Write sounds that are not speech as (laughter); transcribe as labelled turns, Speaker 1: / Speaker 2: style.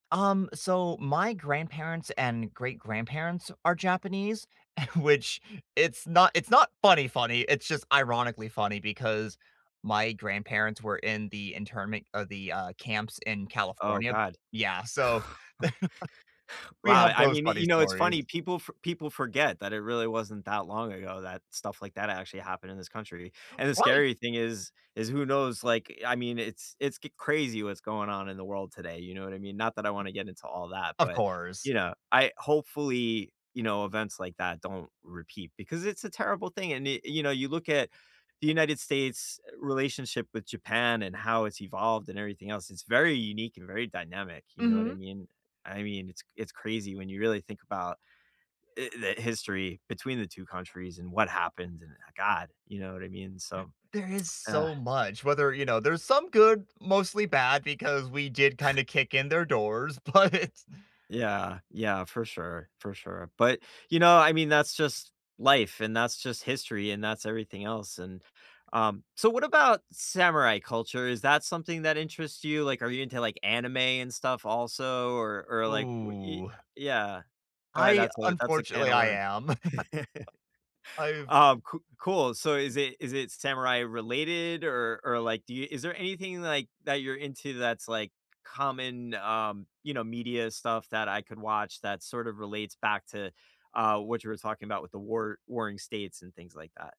Speaker 1: Um, so, my grandparents and great-grandparents are Japanese, which it's not it's not funny funny, it's just ironically funny, because my grandparents were in the internment, uh, the, uh, camps in
Speaker 2: Oh,
Speaker 1: California.
Speaker 2: god.
Speaker 1: Yeah, so, (chuckles) we
Speaker 2: Wow,
Speaker 1: have
Speaker 2: I I
Speaker 1: those
Speaker 2: mean,
Speaker 1: funny
Speaker 2: you know, it's
Speaker 1: stories.
Speaker 2: funny, people fo people forget that it really wasn't that long ago, that stuff like that actually happened in this country, and, the
Speaker 1: Right!
Speaker 2: scary thing is is who knows, like, I mean, it's it's get crazy what's going on in the world today, you know what I mean, not that I want to get into all that,
Speaker 1: Of
Speaker 2: but,
Speaker 1: course.
Speaker 2: you know, I hopefully, you know, events like that don't repeat, because it's a terrible thing, and, i you know, you look at the United States' relationship with Japan, and how it's evolved, and everything else, it's very unique, and very dynamic, you know what I
Speaker 1: Mhm.
Speaker 2: mean? I mean, it's it's crazy when you really think about i the history between the 2 countries, and what happened, and god, you know what I mean?
Speaker 1: (gasps)
Speaker 2: So.
Speaker 1: There is
Speaker 2: (tsk) (groans)
Speaker 1: so much, whether, you know, there's some good, mostly bad, because we did
Speaker 2: (scoffs)
Speaker 1: kinda kick in their doors, but
Speaker 2: Yeah, yeah, for sure, for sure, but, you know, I mean, that's just life, and that's just history, and that's everything else, and, um so what about samurai culture, is that something that interests you, like, are you into, like, anime and stuff, also, or or, like, wh i
Speaker 1: Ooh.
Speaker 2: yeah, alright,
Speaker 1: I
Speaker 2: that's a that's a can
Speaker 1: unfortunately,
Speaker 2: of
Speaker 1: I
Speaker 2: worms.
Speaker 1: am. (chuckles)
Speaker 2: (chuckles)
Speaker 1: I've
Speaker 2: Um, coo cool, so is it is it samurai-related, or or, like, do you is there anything, like, that you're into that's, like, common, um, you know, media stuff that I could watch that sort of relates back to, uh, what you were talking about with the war warring states, and things like that?